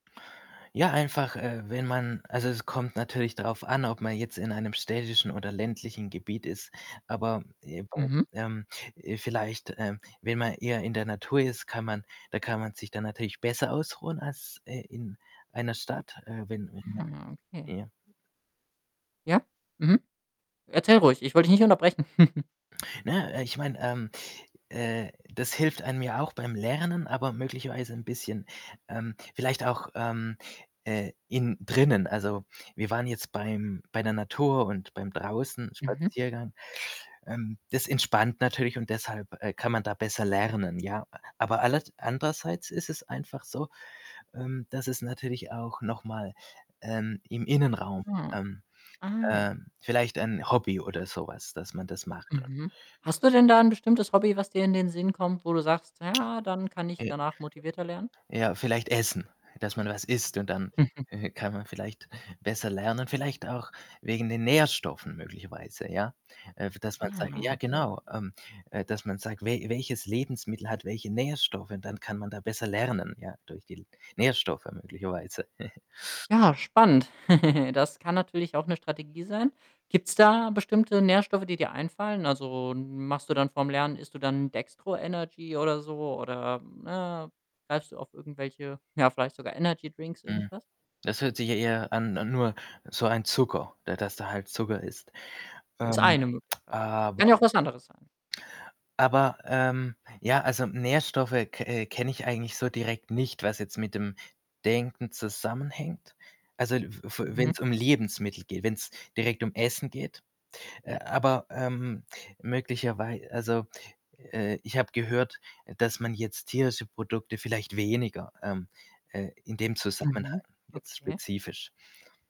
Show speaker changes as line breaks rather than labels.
Ja, einfach, äh, wenn man also es kommt natürlich drauf an, ob man jetzt in einem städtischen oder ländlichen Gebiet ist. Aber, [unintelligible]
Mhm.
ähm, äh, vielleicht, ähm, wenn man eher in der Natur ist, kann man da kann man sich dann natürlich besser ausruhen als, äh, in einer Stadt, äh, wenn wenn man
Ah, okay.
ja?
Ja? Mhm. Erzähl ruhig, ich wollte dich nicht unterbrechen.
Ne? Äh, ich meine, ähm, äh, das hilft einem ja auch beim Lernen, aber möglicherweise 'n bisschen, ähm vielleicht auch, ähm, äh, innen drinnen. Also wir waren jetzt beim bei der Natur und beim
Mhm.
Draußen-Spaziergang. Ähm, das entspannt natürlich und deshalb, äh, kann man da besser lernen, ja. Aber aller andererseits ist es einfach so, ähm, dass es natürlich auch noch mal, ähm, im Innenraum,
Ah.
ähm
Ah ja.
ähm, vielleicht 'n Hobby oder so was, dass man das macht und
Mhm. Hast du denn da 'n bestimmtes Hobby, was dir in den Sinn kommt, wo du sagst: „Ja, dann kann ich
Äh
danach motivierter lernen?“
Ja, vielleicht essen. Dass man was isst und dann, äh, kann man vielleicht besser lernen. Vielleicht auch wegen den Nährstoffen möglicherweise, ja. Äh, dass man sagt ja
Ah, okay.
genau, ähm, äh, dass man sagt: „We welches Lebensmittel hat welche Nährstoffe?” Und dann kann man da besser lernen, ja, durch die L Nährstoffe möglicherweise.
Ja, spannend. Das kann natürlich auch 'ne Strategie sein. Gibt's da bestimmte Nährstoffe, die dir einfallen? Also, machst du dann vor'm Lernen isst du dann 'n Dextro Energy oder so oder, ne, greifst du auf irgendwelche, ja, vielleicht sogar Energy-Drinks,
Mhm,
irgendwas?
das hört sich ja eher an an nur so ein Zucker, der dass da halt Zucker ist.
Ist
Ähm,
eine Möglichkeit.
aber
Kann ja auch was anderes sein.
aber, ähm, ja, also Nährstoffe ke äh, kenne ich eigentlich so direkt nicht, was jetzt mit dem Denken zusammenhängt. Also, l f f
Mhm.
wenn's um Lebensmittel geht, wenn's direkt um Essen geht. Äh, aber, ähm, möglicherwei also, äh, ich habe gehört, dass man jetzt tierische Produkte vielleicht weniger, ähm, äh in dem Zusammenhang
Mhm,
jetzt
okay.
spezifisch